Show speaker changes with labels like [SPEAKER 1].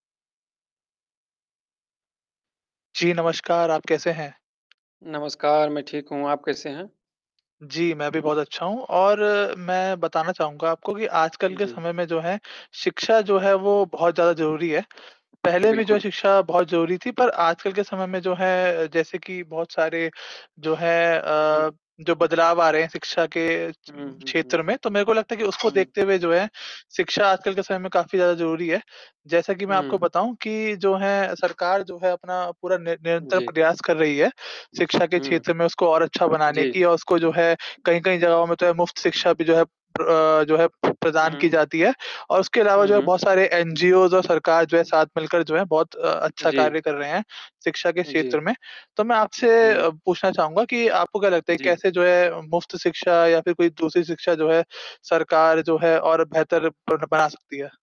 [SPEAKER 1] जी, नमस्कार। आप कैसे हैं?
[SPEAKER 2] नमस्कार, मैं ठीक हूँ। आप कैसे हैं?
[SPEAKER 1] जी, मैं भी बहुत अच्छा हूँ और मैं बताना चाहूँगा आपको कि आजकल के
[SPEAKER 2] जी।
[SPEAKER 1] समय में जो है शिक्षा जो है, वो बहुत ज़्यादा ज़रूरी है। पहले भी जो है
[SPEAKER 2] बिल्कुल।
[SPEAKER 1] शिक्षा बहुत ज़रूरी थी पर आजकल के समय में जो है जैसे कि बहुत सारे जो है अ,
[SPEAKER 2] हुँ।
[SPEAKER 1] जो बदलाव आ रहे हैं शिक्षा के च
[SPEAKER 2] हुँ, हुँ,
[SPEAKER 1] क्षेत्र
[SPEAKER 2] हुँ।
[SPEAKER 1] में। तो मेरे को लगता है कि उसको
[SPEAKER 2] हुँ।
[SPEAKER 1] देखते हुए जो है शिक्षा आजकल के समय में काफ़ी ज़्यादा ज़रूरी है। जैसा कि मैं आपको
[SPEAKER 2] हुँ।
[SPEAKER 1] बताऊँ कि जो है सरकार जो है अपना पूरा नि निरंतर
[SPEAKER 2] जी।
[SPEAKER 1] प्रयास कर रही है शिक्षा के
[SPEAKER 2] हुँ।
[SPEAKER 1] क्षेत्र में उसको और अच्छा बनाने
[SPEAKER 2] जी।
[SPEAKER 1] की और उसको जो है कहीं-कहीं जगहों में तो है मुफ्त शिक्षा भी जो है प्र अ, जो है प्रदान की
[SPEAKER 2] हुँ।
[SPEAKER 1] जाती है। और उसके अलावा जो
[SPEAKER 2] हुँ,
[SPEAKER 1] है
[SPEAKER 2] हुँ।
[SPEAKER 1] बहुत सारे एनजीओज़ और सरकार जो है साथ मिलकर जो है बहुत अ,
[SPEAKER 2] उ,
[SPEAKER 1] अच्छा
[SPEAKER 2] जी।
[SPEAKER 1] कार्य कर रहे हैं शिक्षा के
[SPEAKER 2] उ,
[SPEAKER 1] क्षेत्र
[SPEAKER 2] जी।
[SPEAKER 1] में। तो मैं आपसे अ,
[SPEAKER 2] हुँ।
[SPEAKER 1] पूछना चाहूँगा कि आपको क्या लगता है
[SPEAKER 2] जी।
[SPEAKER 1] कैसे जो है मुफ्त शिक्षा या फ़िर कोई दूसरी शिक्षा जो है सरकार जो है और बेहतर बन बना सकती है?